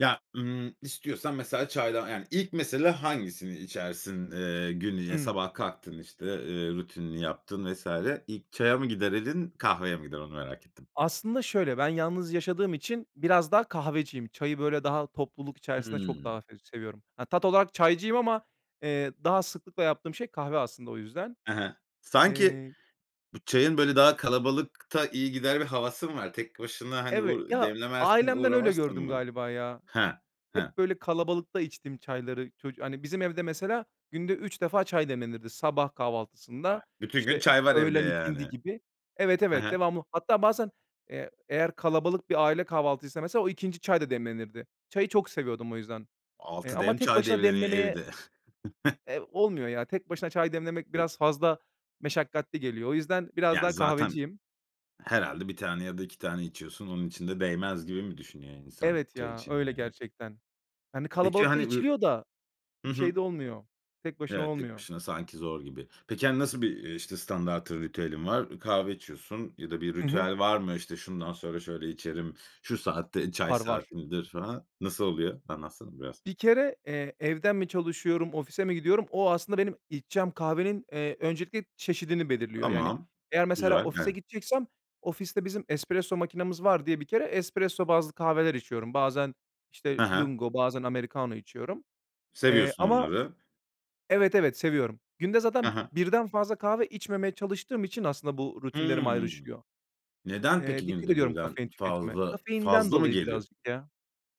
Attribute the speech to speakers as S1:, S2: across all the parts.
S1: Ya, ımm, istiyorsan mesela çaydan yani, ilk mesele hangisini içersin, eee, gün [unintelligible]
S2: Hıı.
S1: sabah kalktın işte, eee, rutinini yaptın vs. ilk çaya mı gider elin kahveye mi gider? Onu merak ettim.
S2: Aslında şöyle, ben yalnız yaşadığım için biraz daha kahveciyim. Çayı böyle daha topluluk içerisinde çok
S1: Hıı.
S2: daha f seviyorum. Ha, tat olarak çaycıyım ama, eee, daha sıklıkla yaptığım şey kahve aslında o yüzden.
S1: Hı hı. Sanki
S2: Eee
S1: bu çayın böyle daha kalabalıkta iyi gider bir havası mı var? Tek başına hani
S2: Evet,
S1: u
S2: ya,
S1: demlemezsin
S2: ailemden öyle
S1: uğramazsın
S2: gördüm
S1: mı?
S2: galiba, ya.
S1: Hıh. Hıh.
S2: Hep böyle kalabalıkta içtim çayları. Çocu hani, bizim evde, mesela, günde 3 defa çay demlenirdi. Sabah kahvaltısında,
S1: Bak, bütün gün
S2: işte,
S1: çay var evde,
S2: öğlen ikindi
S1: yani.
S2: gibi Evet,
S1: Hı
S2: evet,
S1: hı.
S2: devamlı. Hatta bazen, eee, eğer kalabalık bir aile kahvaltıysa, mesela, o 2'nci çay da demlenirdi. Çayı çok seviyordum o yüzden. Eee,
S1: 6
S2: ama
S1: dem
S2: tek
S1: çay
S2: başına
S1: demleniyor
S2: demlemeye
S1: evde.
S2: eee, olmuyor ya. Tek başına çay demlemek biraz fazla meşakkatli geliyor. O yüzden biraz
S1: Yani
S2: daha
S1: zaten,
S2: kahveciyim.
S1: herhâlde 1 tane ya da 2 tane içiyorsun. Onun için de değmez gibi mi düşünüyor insan,
S2: Evet
S1: çay
S2: ya,
S1: için
S2: öyle
S1: yani?
S2: gerçekten. Hani
S1: Peki,
S2: kalabalıkta
S1: hani, uyur
S2: içiliyor da
S1: Hı hı.
S2: şeyde olmuyor, tek başına
S1: Evet, tek
S2: olmuyor.
S1: başına sanki zor gibi. Peki, hani, nasıl bir, iii, işte, standartın ritüelin var? Kahve içiyorsun ya da bir
S2: Hı hı.
S1: ritüel var mı? İşte, şundan sonra şöyle içerim, şu saatte çay
S2: Var, var.
S1: saatimdir falan. Nasıl oluyor? Anlatsana biraz.
S2: Bir kere, eee, evden mi çalışıyorum, ofise mi gidiyorum, o aslında içeceğim kahvenin, eee, öncelikle çeşidini belirliyor. Yani,
S1: Tamam,
S2: eğer mesela,
S1: güzel
S2: ofise
S1: [unintelligible]
S2: gideceksem ofiste bizim espresso makinemiz var diye bir kere espresso bazlı kahveler içiyorum. Bazen, işte,
S1: Hı hı.
S2: lungo, bazen americano içiyorum. Eee,
S1: Seviyorsun
S2: ama
S1: onları.
S2: Evet, evet, seviyorum. Günde
S1: Hı
S2: zaten
S1: hı.
S2: 1'den fazla kahve içmemeye çalıştığım için aslında bu rutinlerim
S1: Hıı.
S2: ayrışıyor.
S1: Neden
S2: Eee,
S1: peki
S2: dikkat
S1: günde
S2: ediyorum
S1: 1'den
S2: kafein tüketimine.
S1: fazla,
S2: Kafeinden
S1: fazla mı
S2: dolayı
S1: geliyor?
S2: birazcık, ya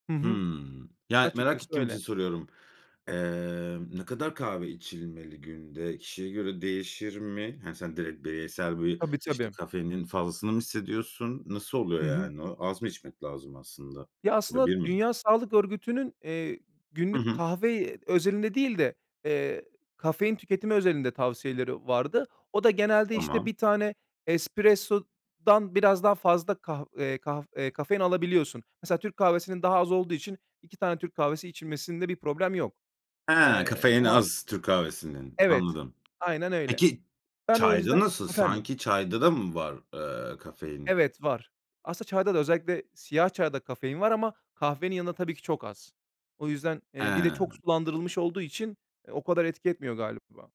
S2: Hı hı.
S1: Hımm. Yani, merak
S2: Açıkçası
S1: ettiğim için
S2: öyle.
S1: soruyorum. Eee, ne kadar kahve içilmeli günde? Kişiye göre değişir mi? Hani, sen direkt bireysel bir
S2: Tabii,
S1: işte
S2: tabii.
S1: kafeinin fazlasını mı hissediyorsun? Nasıl
S2: Hı
S1: oluyor
S2: hı.
S1: yani o? Az mı içmek lazım aslında?
S2: Ya, aslında,
S1: [unintelligible]
S2: Dünya Sağlık Örgütü'nün, eee,
S1: Hı
S2: günlük
S1: hı.
S2: kahve özelinde değil de, eee, kafein tüketimi özelinde tavsiyeleri vardı. O da genelde, işte,
S1: Tamam.
S2: 1 tane espressodan biraz daha fazla kah eee, kaf e kafein alabiliyorsun. Mesela, Türk kahvesinin daha az olduğu için 2 tane Türk kahvesi içilmesinde bir problem yok.
S1: He,
S2: Eee,
S1: kafeini
S2: ama
S1: az türk kahvesinin.
S2: Evet,
S1: Anladım.
S2: aynen öyle.
S1: Peki,
S2: Ben o
S1: çayda
S2: yüzden
S1: nasıl
S2: Efendim?
S1: sanki çayda da mı var, eee, kafein?
S2: Evet, var. Aslında çayda da özellikle siyah çayda kafein var ama kahvenin yanında tabii ki çok az. O yüzden, eee, bir de çok
S1: He.
S2: sulandırılmış olduğu için o kadar etki etmiyor galiba.